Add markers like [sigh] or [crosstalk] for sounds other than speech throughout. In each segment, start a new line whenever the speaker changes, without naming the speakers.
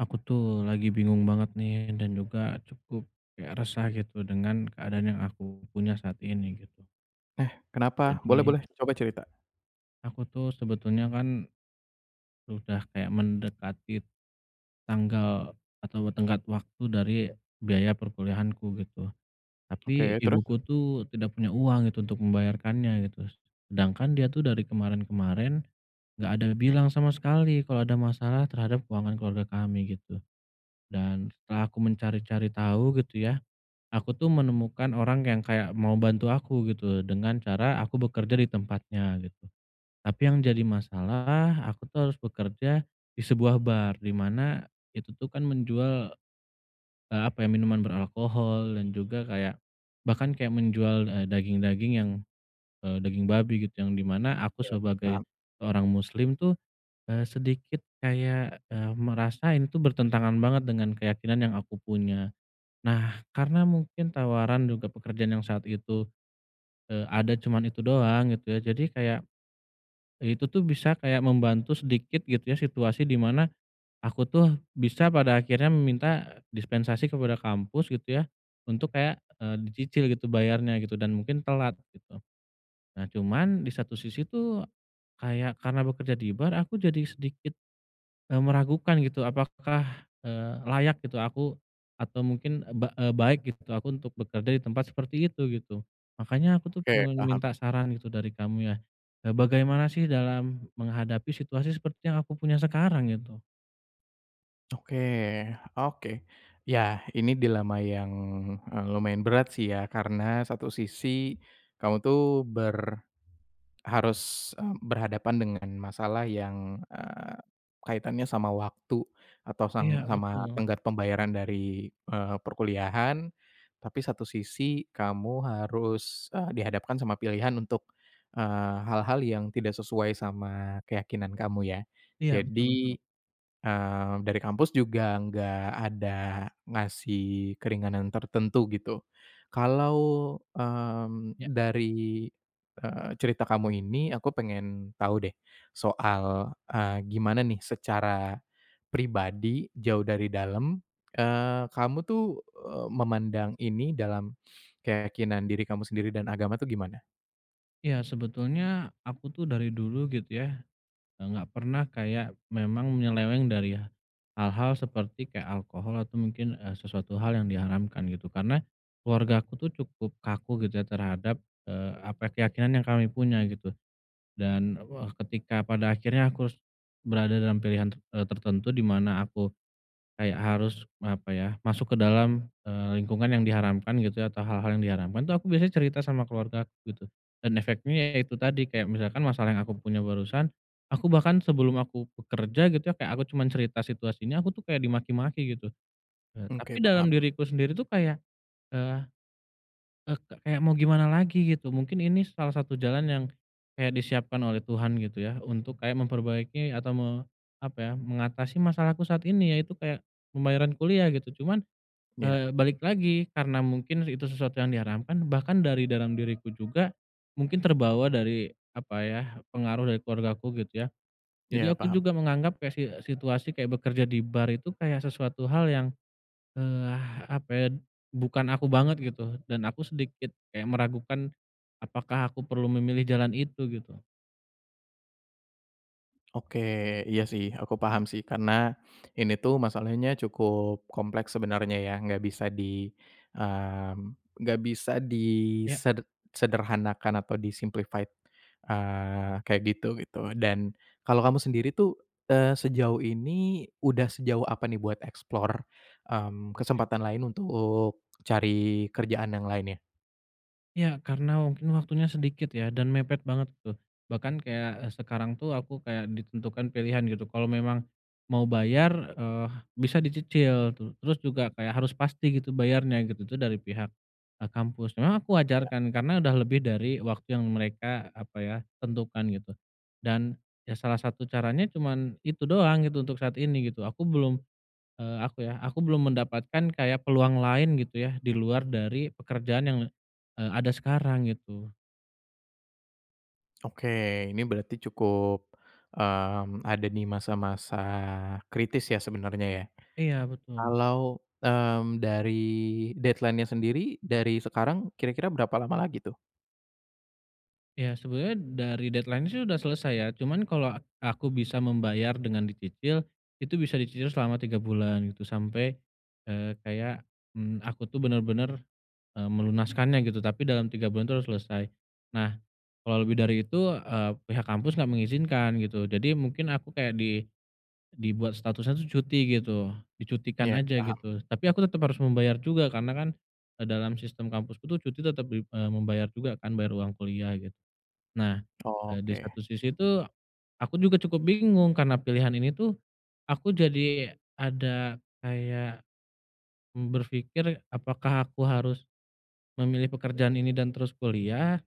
Aku tuh lagi bingung banget nih, dan juga cukup kayak resah gitu dengan keadaan yang aku punya saat ini, gitu.
Eh, kenapa? Boleh
Jadi
boleh. Coba cerita.
Aku tuh sebetulnya kan udah kayak mendekati tanggal atau tenggat waktu dari biaya perkuliahanku, gitu. Tapi
Oke. Terus?
ibuku tuh, tidak punya uang gitu untuk membayarkannya gitu. Sedangkan dia tuh dari kemarin-kemarin nggak ada bilang sama sekali kalau ada masalah terhadap keuangan keluarga kami, gitu. Dan setelah aku mencari-cari tahu gitu ya, aku tuh menemukan orang yang kayak mau bantu aku gitu loh, dengan cara aku bekerja di tempatnya, gitu. Tapi yang jadi masalah, aku tuh harus bekerja di sebuah bar, di mana itu tuh kan menjual, eee apa ya? Minuman beralkohol dan juga kayak bahkan kayak menjual, eee, daging-daging yang, eee, daging babi gitu. Yang di mana aku
Oke,
sebagai
paham.
orang muslim tuh, eee, sedikit kayak, eee, merasa ini itu bertentangan banget dengan keyakinan yang aku punya. Nah, karena mungkin tawaran juga pekerjaan yang saat itu, eee, ada cuman itu doang gitu ya, jadi kayak itu tuh bisa kayak membantu sedikit gitu ya situasi di mana, aku tuh bisa pada akhirnya meminta dispensasi kepada kampus gitu ya untuk kayak, eee, dicicil gitu bayarnya, gitu dan mungkin telat, gitu. Nah, cuman di satu sisi tuh kayak karena bekerja di bar aku jadi sedikit, eee, meragukan gitu, apakah, eee, layak gitu aku? Atau mungkin, eee, ba eee, baik gitu aku untuk bekerja di tempat seperti itu, gitu? Makanya aku tuh
Oke,
pengen
paham.
minta saran gitu dari kamu ya, eee, bagaimana sih dalam menghadapi situasi seperti yang aku punya sekarang gitu?
Oke, oke. Yah, ini dilema yang, eee, lumayan berat sih ya. Karena satu sisi kamu tuh ber harus, eee, berhadapan dengan masalah yang, eee, kaitannya sama waktu atau sang
Iya,
sama
betul.
tenggat pembayaran dari, eee, perkuliahan. Tapi satu sisi, kamu harus, eee, dihadapkan sama pilihan untuk, eee, hal-hal yang tidak sesuai sama keyakinan Kamu ya.
Iya, betul betul.
Jadi, eee, dari kampus juga nggak ada ngasih keringanan tertentu gitu. Kalau, mmm,
Ya.
dari, eee, cerita kamu ini, aku pengen tahu deh soal, eee, gimana nih secara pribadi jauh dari dalam, eee, kamu tuh, eee, memandang ini dalam [sniffs] keyakinan diri kamu sendiri
Ya.
dan agama tuh gimana?
Ya, sebetulnya aku tuh dari dulu gitu ya, eee, enggak pernah kayak memang nyeleweng dari h hal-hal seperti kayak alkohol atau mungkin, eee, sesuatu hal yang diharamkan, gitu. Karena keluargaku tuh cukup kaku gitu ya terhadap, eee, apa, keyakinan yang kami punya, gitu. Dan wah, Ketika pada akhirnya aku harus berada dalam pilihan ter eee, tertentu dimana aku kayak harus, apa ya, masuk ke dalam, eee, lingkungan yang diharamkan gitu ya, atau hal-hal yang diharamkan tuh aku biasanya cerita sama keluargaku, gitu. Dan efeknya ya itu tadi, kayak misalkan masalah yang aku punya barusan, aku bahkan sebelum aku bekerja gitu ya, kayak aku cuma cerita situasinya, aku tuh kayak dimaki-maki gitu. Eee,
Oke,
tapi dalam
paham.
diriku sendiri tuh kayak, eee, eee, ke kayak mau gimana lagi, gitu? Mungkin ini salah satu jalan yang kayak disiapkan oleh Tuhan, gitu ya. Untuk kayak memperbaiki atau me apa ya, mengatasi masalahku saat ini, ya itu kayak pembayaran kuliah, gitu. Cuman,
Iya.
eee, balik lagi karena mungkin itu sesuatu yang diharamkan, bahkan dari dalam diriku juga mungkin terbawa dari, apa ya, pengaruh dari keluargaku gitu ya. Jadi
Iya,
aku
paham.
juga menganggap kayak si situasi kayak bekerja di bar itu, kayak sesuatu hal yang, eee, apa ya, bukan aku banget gitu, dan aku sedikit kayak meragukan apakah aku perlu memilih jalan itu, gitu?
Oke. Iya sih, aku paham sih. Karena ini tuh masalahnya cukup kompleks sebenarnya ya, nggak bisa di, mmm, enggak bisa
Ya.
diseder sederhanakan atau di-simplified, eee, kayak gitu gitu. Dan kalau kamu sendiri tuh, eee, sejauh ini udah sejauh apa nih buat explore, mmm,
Oke.
kesempatan lain untuk cari kerjaan yang lainnya?
Ya, karena mungkin waktunya sedikit ya dan mepet banget tuh. Bahkan kayak, eee, sekarang tuh aku kayak ditentukan pilihan gitu. Kalau memang mau bayar, eee, bisa dicicil. Tu terus juga kayak, harus pasti gitu bayarnya, gitu. Itu dari pihak, eee, kampus. Memang aku
Ya,
wajarkan
ham.
karena udah lebih dari waktu yang mereka, apa ya, tentukan gitu. Dan, ya salah satu caranya cuman itu doang gitu untuk saat ini, gitu. Aku belum, eee, aku ya, aku belum mendapatkan kayak peluang lain gitu ya, di luar dari pekerjaan yang, eee, ada sekarang, gitu.
Oke. Ini berarti cukup, mmm, ada di masa-masa kritis ya sebenarnya ya?
Iya, betul.
Kalau, mmm, dari deadline-nya sendiri dari sekarang, kira-kira berapa lama lagi tuh?
Ya, sebetulnya dari deadline-nya sih udah selesai ya. Cuman kalo a aku bisa membayar dengan dicicil, itu bisa dicicil selama 3 bulan gitu, sampai, eee, kayak, mmm, aku tuh bener-bener, eee, melunaskannya gitu, tapi dalam 3 bulan itu harus selesai. Nah, kalo lebih dari itu, eee, pihak kampus enggak mengizinkan gitu. Jadi mungkin aku kayak di dibuat statusnya tuh cuti gitu. Dicutikan
Iya,
aja
paham.
gitu, tapi aku tetap harus membayar juga karena kan dalam, eee, sistem kampusku tuh cuti tetap dim eee, membayar juga kan, bayar uang kuliah gitu. Nah,
Oh,
eee, di
oke.
satu sisi tuh aku juga cukup bingung, karena pilihan ini tuh aku jadi ada kayak, mmm, berfikir apakah aku harus memilih pekerjaan ini dan terus kuliah?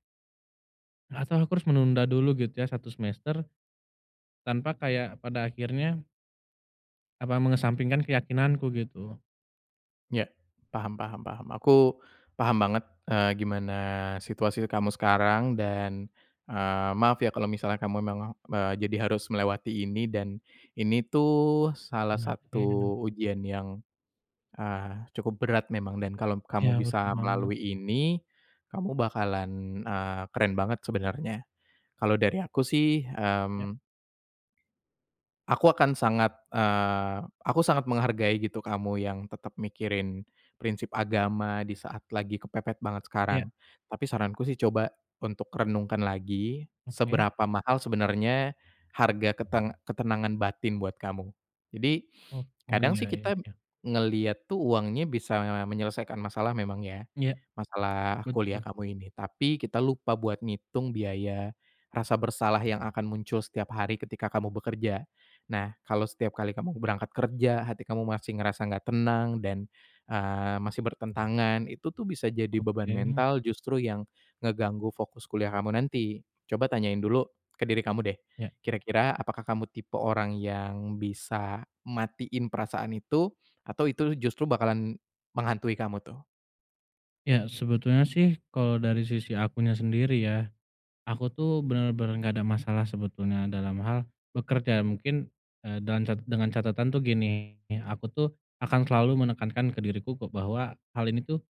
Atau aku harus menunda dulu gitu ya 1 semester, tanpa kayak pada akhirnya apa mengesampingkan keyakinanku, gitu?
Ya. Paham paham paham. Aku paham banget, eee, gimana situasi kamu sekarang, dan, eee, maaf ya kalau misalnya kamu memang me jadi harus melewati ini. Dan ini tuh salah
Nah, ya memang.
satu ujian yang, eee, cukup berat memang dan kalom
Ya,
kamu
betul
bisa
banget.
melalui ini, kamu bakalan, eee, keren banget sebenarnya. Kalo dari aku sih,
Ya.
hmm, aku akan sangat, eee, aku sangat menghargai gitu kamu yang tetap mikirin prinsip agama di saat lagi kepepet banget
Ya.
sekarang. Tapi saranku sih coba untuk renungkan lagi,
Oke.
seberapa mahal sebenarnya harga keteng ketenangan batin buat kamu. Jadi,
Oh. Oh,
kadang
ya
sih
ya
kita
ya.
ngelihat tuh uangnya bisa menyelesaikan masalah memang ya.
Iya.
Masalah kuliah
Betul.
kamu ini, tapi kita lupa buat ngitung biaya rasa bersalah yang akan muncul setiap hari ketika kamu bekerja. Nah, kalau setiap kali kamu berangkat kerja, hati kamu masih ngerasa nggak tenang dan, eee, masih bertentangan, itu tuh bisa jadi beban
Oke.
mental justru yang ngeganggu fokus kuliah kamu nanti. Coba tanyain dulu ke diri kamu deh,
Ya.
kira-kira apakah kamu tipe orang yang bisa matiin perasaan itu? Atau itu justru bakalan menghantui kamu tuh?
Ya, sebetulnya sih kalau dari sisi akunya sendiri ya, aku tuh bener-bener gak ada masalah sebetulnya dalam hal bekerja. Mungkin, eee, dan cet dengan catatan tuh gini, aku tuh akan selalu menekankan ke diriku ku bahwa hal ini tuh,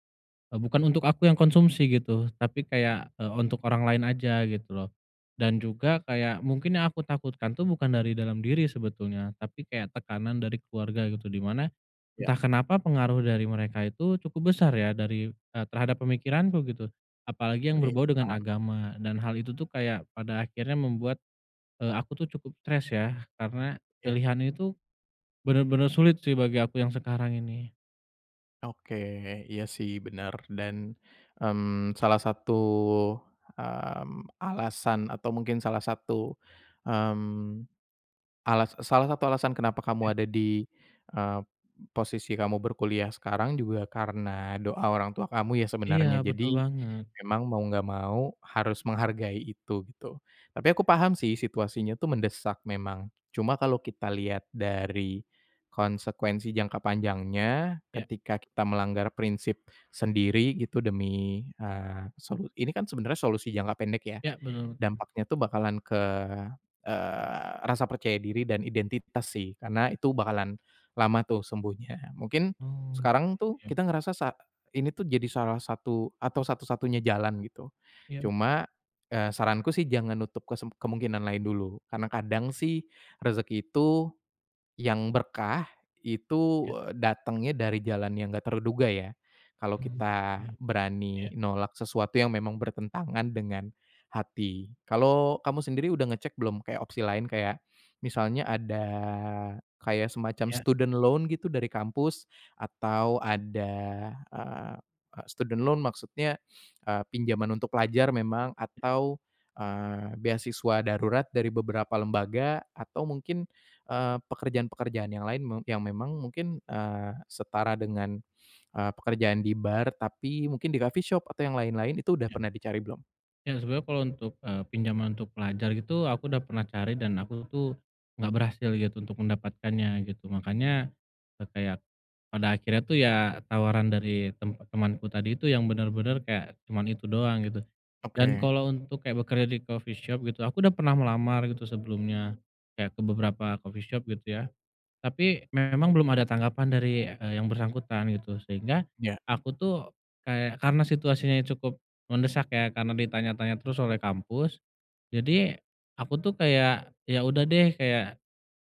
eee, bukan untuk aku yang konsumsi gitu tapi kayak, eee, untuk orang lain aja, gitu loh. Dan juga, kayak mungkin yang aku takutkan tuh bukan dari dalam diri sebetulnya, tapi kayak tekanan dari keluarga gitu. Di mana, entah
Ya.
kenapa pengaruh dari mereka itu cukup besar ya dari, eee, terhadap pemikiranku, gitu. Apalagi yang
Baik.
berbau dengan
Paham.
agama, dan hal itu tuh kayak pada akhirnya membuat, eee, aku tuh cukup stres ya, karena
Iya.
pilihan itu bener-bener sulit sih bagi aku yang sekarang ini.
Oke. Iya sih bener. Dan, mmm, salah satu, mmm, alasan atau mungkin salah satu, mmm, alas salah satu alasan kenapa kamu
Iya.
ada di, eee, posisi kamu berkuliah sekarang juga karena doa orang tua kamu ya
Iya,
sebenarnya.
betul
Jadi,
banget.
memang mau nggak mau harus menghargai itu, gitu. Tapi aku paham sih situasinya tuh mendesak memang, cuma kalau kita lihat dari konsekuensi jangka panjangnya,
Iya.
ketika kita melanggar prinsip sendiri gitu demi, eee, solu ini kan sebenarnya solusi jangka pendek, ya?
Iya, bener bener.
Dampaknya tuh bakalan ke, eee, rasa percaya diri dan identitas sih, karena itu bakalan lama tuh sembuhnya. Mungkin
Oh, iya
sekarang tuh
iya iya.
kita ngerasa sa ini tuh, jadi salah satu atau satu-satunya jalan, gitu.
Iya.
Cuma, eee, saranku sih jangan nutup kesemp kemungkinan lain dulu, karena kadang sih rezeki itu, yang berkah, itu
Ya.
datangnya dari jalan yang nggak terduga ya. Kalau
Hmm,
kita
iya,
berani
iya.
nolak sesuatu yang memang bertentangan dengan hati. Kalo kamu sendiri, udah ngecek belum kayak opsi lain? Kayak misalnya ada kayak semacam
Iya.
student loan gitu dari kampus? Atau ada, eee, student loan maksudnya, eee, pinjaman untuk pelajar memang atau, eee, beasiswa darurat dari beberapa lembaga? Atau mungkin, eee, pekerjaan-pekerjaan yang lain, me yang memang mungkin, eee, setara dengan, eee, pekerjaan di bar? Tapi mungkin di coffee shop atau yang lain-lain? Itu udah
Ya.
pernah dicari belum?
Ya, sebenernya kalo untuk, eee, pinjaman untuk pelajar gitu aku udah pernah cari dan aku tuh nggak berhasil gitu untuk mendapatkannya, gitu. Makanya, eee, kayak pada akhirnya tuh ya tawaran dari tempat temanku tadi itu yang bener-bener kayak cuman itu doang, gitu. Dan
Oke.
kalo untuk kayak bekerja di coffee shop gitu, aku udah pernah melamar gitu sebelumnya, kayak ke beberapa coffee shop gitu ya, tapi memang belum ada tanggapan dari, eee, yang bersangkutan gitu. Sehingga
Ya.
aku tuh kayak karena situasinya cukup mendesak ya, karena di tanya-tanya terus oleh kampus, jadi aku tuh kayak ya udah deh kayak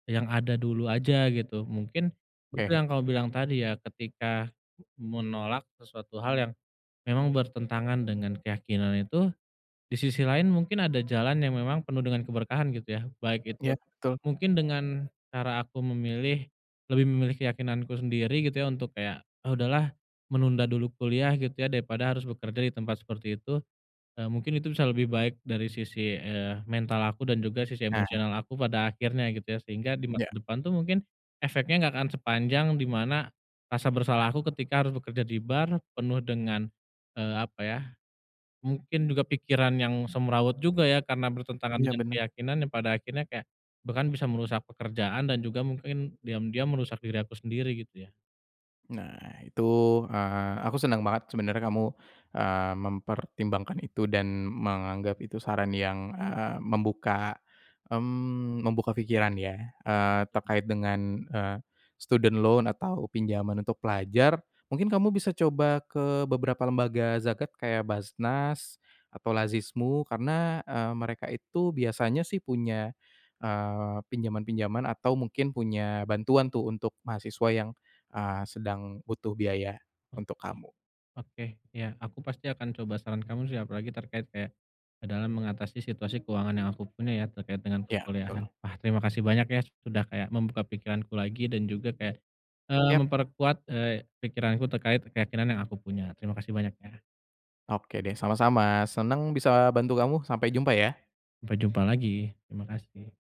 yang ada dulu aja gitu. Mungkin betul
Ke.
yang kamu bilang tadi ya, ketika menolak sesuatu hal yang memang bertentangan dengan keyakinan itu, di sisi lain mungkin ada jalan yang memang penuh dengan keberkahan gitu ya. Baik itu
Ya betul.
mungkin dengan cara aku memilih, lebih memilih keyakinanku sendiri gitu ya untuk kayak, ah udahlah menunda dulu kuliah gitu ya daripada harus bekerja di tempat seperti itu, eee, mungkin itu bisa lebih baik dari sisi, eee, mental aku dan juga sisi
Nah.
emosional aku, pada akhirnya gitu ya. Sehingga di masa
Ya.
depan tuh mungkin efeknya gak akan sepanjang di mana rasa bersalah aku ketika harus bekerja di bar, penuh dengan, eee, apa ya, mungkin juga pikiran yang semrawut juga ya karena bertentangan
Iya,
dengan
bener.
keyakinan, yang pada akhirnya kayak bahkan bisa merusak pekerjaan dan juga mungkin diam-diam merusak diri aku sendiri, gitu ya?
Nah, itu, eee, aku senang banget sebenarnya kamu, eee, mempertimbangkan itu dan menganggap itu saran yang, eee, membuka, mmm, membuka pikiran ya. Eee,
Ya tul.
terkait dengan, eee, student loan atau pinjaman untuk pelajar, mungkin kamu bisa coba ke beberapa lembaga zakat, kayak Baznas atau Lazismu karena, eee, mereka itu biasanya sih punya, eee, pinjaman-pinjaman atau mungkin punya bantuan tuh untuk mahasiswa yang, eee, sedang butuh biaya untuk
Oke,
kamu.
oke, ya. Aku pasti akan coba saran kamu sih. Apalagi terkait kayak, eee, dalam mengatasi situasi keuangan yang aku punya ya, terkait dengan
Ya,
perkuliahan.
betul.
Wah, terima kasih banyak ya. Sudah kayak membuka pikiranku lagi dan juga kayak, eee,
Yap.
memperkuat, eee, pikiranku terkait keyakinan yang aku punya. Terima kasih banyak ya.
Oke deh, sama-sama. Senang bisa bantu kamu. Sampai jumpa ya.
Sampai jumpa lagi. Terima kasih.